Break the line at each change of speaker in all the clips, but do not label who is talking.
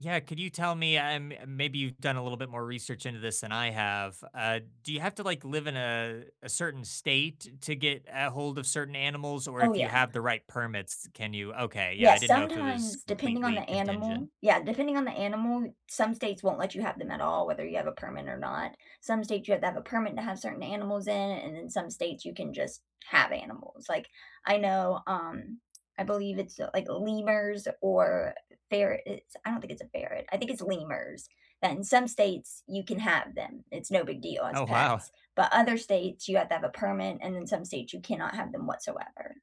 Yeah, could you tell me, I'm maybe you've done a little bit more research into this than I have, uh, do you have to like, live in a a certain state to get ahold of certain animals or
Oh,
if you
yeah.
have the right permits, can you okay, yeah, I
Yes,
didn't know if it was
sometimes depending on
completely
the animal
contingent.
yeah, depending on the animal, some states won't let you have them at all whether you have a permit or not. Some states you have to have a permit to have certain animals in and then some states you can just have animals. Like I know, um, I believe it's, uh, like lemurs or ferrets, it's I don't think it's a ferret, I think it's lemurs that in some states you can have them. It's no big deal as
Oh, wow.
pets, but other states you have to have a permit and in some states you cannot have them whatsoever.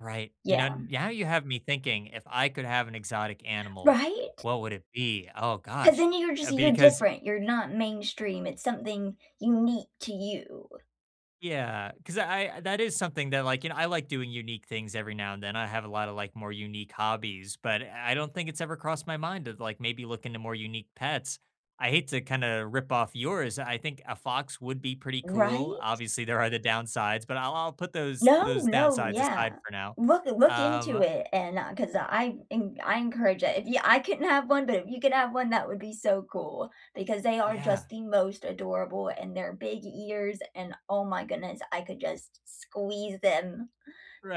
Right. You
Yeah.
know now you have me thinking, "If I could have an exotic animal,
Right?
what would it be?" Oh,
'Cause
gosh.
then you're just
Uh,
you're
because
different. You're not mainstream. It's something unique to you.
Yeah, 'cause I that is something that like, you know, I like doing unique things every now and then, I have a lot of, like, more unique hobbies, but I don't think it's ever crossed my mind to, like, maybe look into more unique pets. I hate to kinda rip off yours, I think a fox would be pretty cool.
Right?
Obviously, there are the downsides, but I'll I'll put those
No,
those
no,
downsides
yeah.
aside for now.
Look uh, look into
Um
it and, uh, 'cause I en I encourage it. If y I couldn't have 1 but if you could have 1 that would be so cool, because they are
Yeah.
just the most adorable and their big ears and oh my goodness, I could just squeeze them.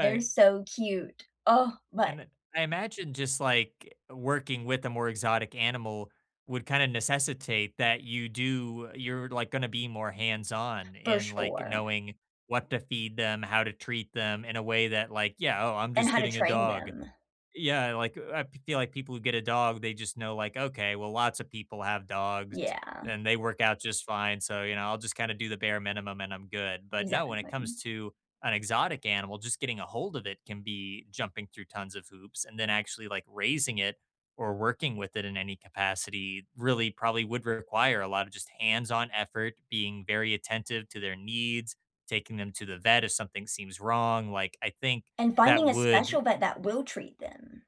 They're so cute. Oh, but
And, uh, I imagine just like, working with a more exotic animal would kinda necessitate that you do you're, like, gonna be more hands-on
For
in, like,
sure.
knowing what to feed them, how to treat them in a way that like, "Yeah, oh, I'm
And
just
how to
getting a
train
dog."
them.
Yeah, like, I feel like people who get a dog, they just know like, "Okay, well lots of people have dogs
Yeah.
and they work out just fine, so, you know, I'll just kinda do the bare minimum and I'm good." But no, when it comes
Exactly.
to an exotic animal, just getting ahold of it can be jumping through tons of hoops and then actually, like, raising it or working with it in any capacity really probably would require a lot of just hands-on effort, being very attentive to their needs, taking them to the vet if something seems wrong. Like, I think
And
that
finding a
would
special vet that will treat them.